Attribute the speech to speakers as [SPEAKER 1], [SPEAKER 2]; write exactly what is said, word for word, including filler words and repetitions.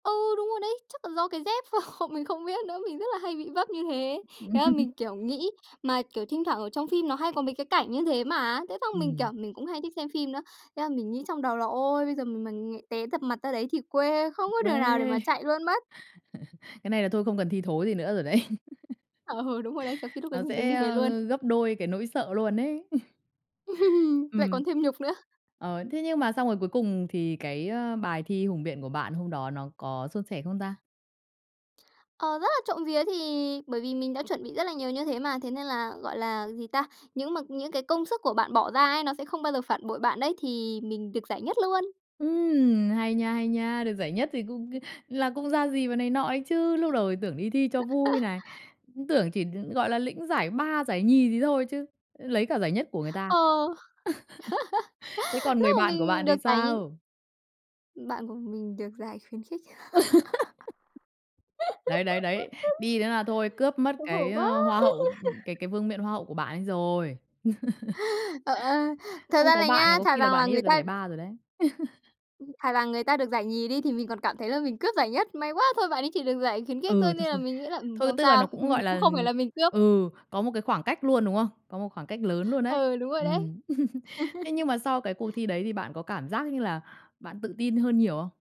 [SPEAKER 1] Ừ, đúng rồi đấy, chắc là do cái dép ph mình không biết nữa, mình rất là hay bị vấp như thế. Thế là mình, kiểu, nghĩ mà, kiểu, thinh thoảng ở trong phim nó hay có mấy cái cảnh như thế mà. Thế xong mình, kiểu,
[SPEAKER 2] Ừm.
[SPEAKER 1] mình cũng hay thích xem phim nữa, thế là mình nghĩ trong đầu là "Ôi! Bây giờ mình mà nghè té dập mặt ra đấy thì quê
[SPEAKER 2] Quê.
[SPEAKER 1] không có đường nào để mà chạy luôn mất."
[SPEAKER 2] Cái này là thôi không cần thi thố gì nữa rồi đấy.
[SPEAKER 1] Ừ, đúng rồi đấy, kiểu, khi lúc đấy
[SPEAKER 2] Nó
[SPEAKER 1] mình đứng
[SPEAKER 2] sẽ,
[SPEAKER 1] đi về luôn.
[SPEAKER 2] ơ, gấp đôi cái nỗi sợ luôn đấy.
[SPEAKER 1] Lại
[SPEAKER 2] Ừm.
[SPEAKER 1] còn thêm nhục nữa.
[SPEAKER 2] Ờ, thế nhưng mà xong rồi cuối cùng thì cái, á, bài thi hùng biện của bạn hôm đó nó có suôn sẻ không ta?
[SPEAKER 1] Ờ, rất là trộm vía, thì bởi vì mình đã chuẩn bị rất là nhiều như thế mà, thế nên là, gọi là, gì ta? Những mà những cái công sức của bạn bỏ ra ấy nó sẽ không bao giờ phản bội bạn đấy, thì mình được giải nhất luôn.
[SPEAKER 2] Ừm, hay nha, hay nha! Được giải nhất thì cũng c là cũng ra gì và này nọ ấy chứ, lúc đầu thì tưởng đi thi cho vui này, cũng tưởng chỉ, ừm, gọi là, lĩnh giải ba, giải nhì gì thôi chứ, lấy cả giải nhất của người ta.
[SPEAKER 1] Ờ.
[SPEAKER 2] Thế còn
[SPEAKER 1] Lúc
[SPEAKER 2] người
[SPEAKER 1] mà
[SPEAKER 2] bạn của
[SPEAKER 1] mình
[SPEAKER 2] bạn
[SPEAKER 1] được
[SPEAKER 2] thì
[SPEAKER 1] giải nh
[SPEAKER 2] sao?
[SPEAKER 1] Bạn của mình được giải khuyến khích.
[SPEAKER 2] Đấy, đấy, đấy. Đi nữa là thôi cướp mất
[SPEAKER 1] Xấu hổ
[SPEAKER 2] cái,
[SPEAKER 1] quá!
[SPEAKER 2] ờ, hoa hậu, ừm, cái cái vương miện hoa hậu của bạn ấy rồi.
[SPEAKER 1] Ờ, ờ, thật
[SPEAKER 2] Không
[SPEAKER 1] ra
[SPEAKER 2] có
[SPEAKER 1] là
[SPEAKER 2] bạn là
[SPEAKER 1] nhá,
[SPEAKER 2] có
[SPEAKER 1] thà
[SPEAKER 2] khi là
[SPEAKER 1] rằng là
[SPEAKER 2] bạn ấy
[SPEAKER 1] người
[SPEAKER 2] được cái
[SPEAKER 1] ta
[SPEAKER 2] giải ba rồi đấy.
[SPEAKER 1] Thà là người ta được giải nhì đi thì mình còn cảm thấy là mình cướp giải nhất, may quá! Thôi, bạn ấy chỉ được giải khuyến khích
[SPEAKER 2] Ừ,
[SPEAKER 1] thôi,
[SPEAKER 2] thôi,
[SPEAKER 1] nên là
[SPEAKER 2] thôi.
[SPEAKER 1] mình nghĩ là, ừm,
[SPEAKER 2] Thôi,
[SPEAKER 1] không
[SPEAKER 2] tức là
[SPEAKER 1] sao,
[SPEAKER 2] nó cũng,
[SPEAKER 1] mình
[SPEAKER 2] gọi
[SPEAKER 1] cũng
[SPEAKER 2] là,
[SPEAKER 1] không phải là mình cướp.
[SPEAKER 2] ừ, có một cái khoảng cách luôn, đúng hông? Có một khoảng cách lớn luôn đấy.
[SPEAKER 1] Ừ, đúng rồi đấy.
[SPEAKER 2] Ừm. Thế nhưng mà sau cái cuộc thi đấy thì bạn có cảm giác như là bạn tự tin hơn nhiều không?